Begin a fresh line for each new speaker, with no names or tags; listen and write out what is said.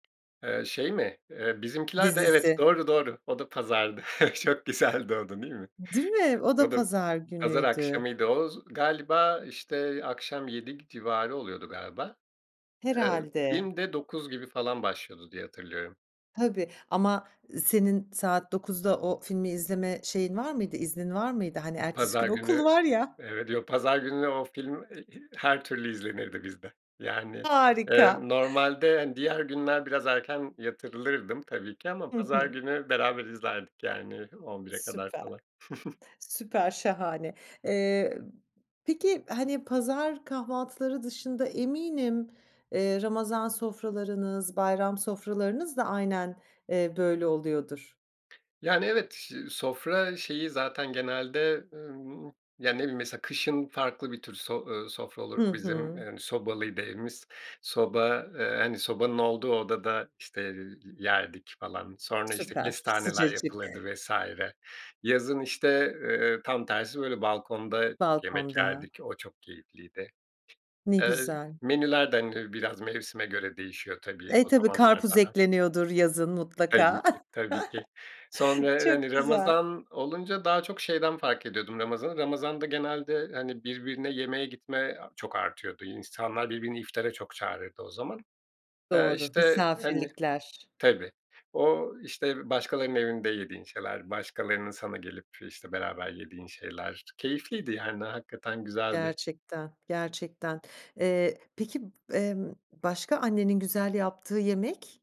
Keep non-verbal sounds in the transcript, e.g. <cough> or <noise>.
Eee, şey mi? Eee, Bizimkiler de evet
Dizisi.
doğru, doğru, o da pazardı. <chuckles> Çok güzeldi o da, değil mi?
Değil mi? O da,
O da,
pazar
pazar
günüydü.
akşamıydı o, z galiba, işte akşam, 19.00 civarı oluyordu galiba. Eee,
Herhâlde.
film de 21.00 gibi falan başlıyordu, diye hatırlıyorum.
Tabii, ama senin, saat 21.00´da o filmi, izleme şeyin var mıydı, iznin var mıydı? Hani, ertesi gün
Pazar günü,
okul var ya.
evet, yo, pazar gününe o film, e i her türlü izlenirdi bizde. Yani, eee,
Harika. <chuckles>
normalde, hani, diğer günler biraz erken yatırılırdım tabii ki, ama
Hı
pazar
hı.
günü beraber izlerdik, yani, 23.00´e kadar
Süper.
falan. <chuckles>
Süper şahane. Eee, peki, hani, pazar kahvaltıları dışında eminim, eee, Ramazan sofralarınız, bayram sofralarınız da aynen, eee, böyle oluyordur.
Yani evet, şi sofra şeyi zaten genelde, ımm, yani ne bileyim, mesela kışın farklı bir tür sof ııı, sofra
Hı
olur bizim, eee,
hı.
yani, sobalıydı evimiz. Soba, eee, hani, sobanın olduğu odada, işte, eee, yerdik falan, sonra, işte,
Süper
kestaneler
sıcacık.
yapılırdı vs. Yazın, işte, eee, tam tersi böyle, balkonda yemek
Balkonda.
yerdik, o çok keyifliydi.
Ne
Eee,
güzel.
menüler de, hani, biraz mevsime göre değişiyor tabii,
E,
o
tabii,
zamanlar
karpuz
daha
ekleniyordur yazın,
Tabii
mutlaka.
ki,
<chuckles>
tabii ki. Sonra,
Çok
hani,
güzel.
Ramazan olunca, daha çok, şeyden fark ediyordum Ramazan'ı, Ramazan'da, genelde hani birbirine yemeğe gitme a çok artıyordu. İnsanlar, birbirini iftara çok çağırırdı o zaman. Eee,
Doğru,
işte hani,
misafirlikler.
tabii o işte başkalarının evinde yediğin şeyler, başkalarının sana gelip, işte, beraber yediğin şeyler, keyifliydi yani, hakikaten güzeldi.
Gerçekten, gerçekten. Eee, peki, emm, başka, annenin güzel yaptığı yemek?